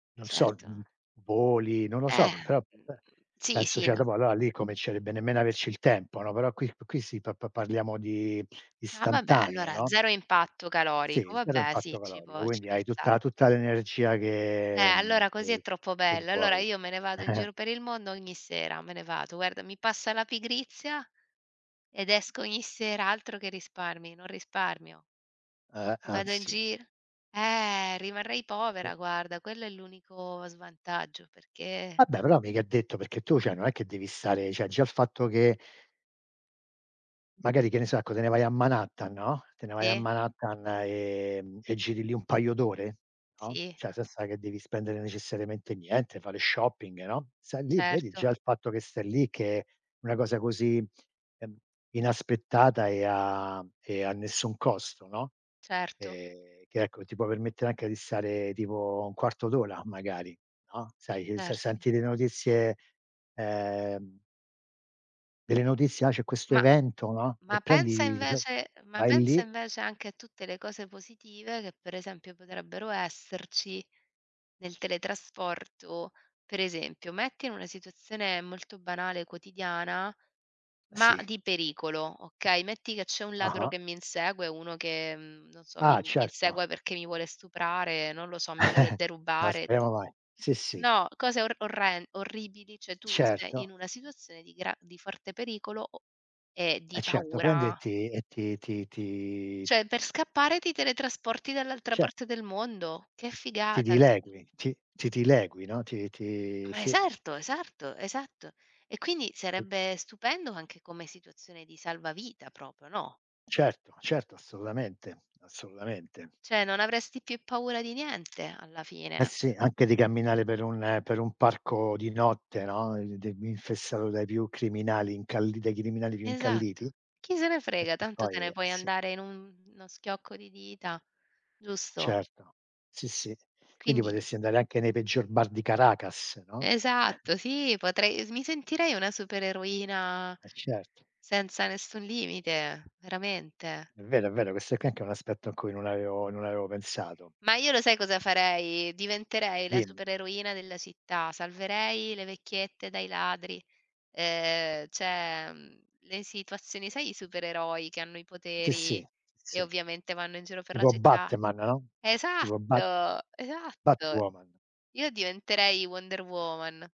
Non so, mhmm, Certo. voli, non lo Eh, so, però mhmm, be sì, penso sì, cioè n dopo allora lì comincerebbe nemmeno a averci il tempo, no. Però qui qui sì pa pa parliamo di Ah, vabbè istantaneo, allora no. 0 impatto calorico, Sì, zero vabbè sì, impatto ci calorico, può ci quindi può hai star tutta tutta l'energia Eh, che, mhmm, allora così è che troppo che bello. Allora vuoi. io me ne vado in giro per il mondo ogni sera, me ne vado. Guarda mi passa la pigrizia ed esco ogni sera, altro che risparmi, non risparmio. Eh, Vado in anzi. gir eh, rimarrei povera I. guarda, quello è l'unico svantaggio perché Vabbè però mica è detto perché tu cioè non è che devi stare cioè già il fatto che magari che ne so, ecco te ne vai a Manhattan, no, te ne vai a Sì. Manhattan, ehm, e giri lì un paio d'ore, no, Sì. cioè senza che devi spendere necessariamente niente, fare shopping, no, stai lì, vedi, già Certo. il fatto che stai lì che è una cosa così, ehm, inaspettata e a e a nessun costo, no. Certo. Ehm, che ecco, ti può permettere anche di stare tipo 1/4 d'ora magari, no, sai, uhm, se Ert senti le notizie, ehm delle notizie "ah, c'è questo Ma evento" no. E ma pensa prendi e v invece ma vai pensa lì. invece anche a tutte le cose positive che, per esempio, potrebbero esserci nel teletrasporto. Per esempio, metti in una situazione molto banale quotidiana, ma Sì. di pericolo, okay? Metti che c'è un ladro Ah-ah. che mi insegue o uno che, uhm, non so, mi Ah, certo. insegue perché mi vuole stuprare, non lo so, mi vuole No, derubare. speriamo mai. Sì, sì. No, cose or orren orribili, cioè tu sei Certo. in una situazione di gra di forte pericolo o e Eh di certo, prendi e paura. ti e ti ti ti Cioè per scappare ti teletrasporti dall'altra Cer parte del mondo. Che Ti figata ques dilegui, ti ti dilegui, no, ti ti Ma sì. esatto, esatto, esatto. E quindi Okay. sarebbe stupendo anche come situazione di salvavita proprio, no. Certo, certo assolutamente, assolutamente. Cioè non avresti più paura di niente alla Eh fine, cioè sì, anche di camminare per un per un parco di notte, no, in di infestato dai più criminali incalli dai criminali più Esatto, incalliti, chi se ne frega perchè tanto te poi ne eh puoi sì. andare in uno schiocco di dita, giusto? Certo, sì, sì. Quindi Quindi potresti andare anche nei peggior bar di Caracas, no. Esatto sì, potrei mi sentirei una supereroina Eh, certo. senza nessun limite, veramente. È vero, è vero, ques qua è anche un aspetto a cui non avevo non avevo pensato. Ma io lo sai cosa farei? Diventerei la Dimmi. supereroina della città, salverei le vecchiette dai ladri, ehm, cioè mhmm, le situazioni sai i supereroi che hanno i Sì, sì. poteri e Sì. ovviamente vanno in giro per la Tipo città? Batman, no, tipo Bat Esatto, esatto. Batwoman. Io diventerei Wonder Woman.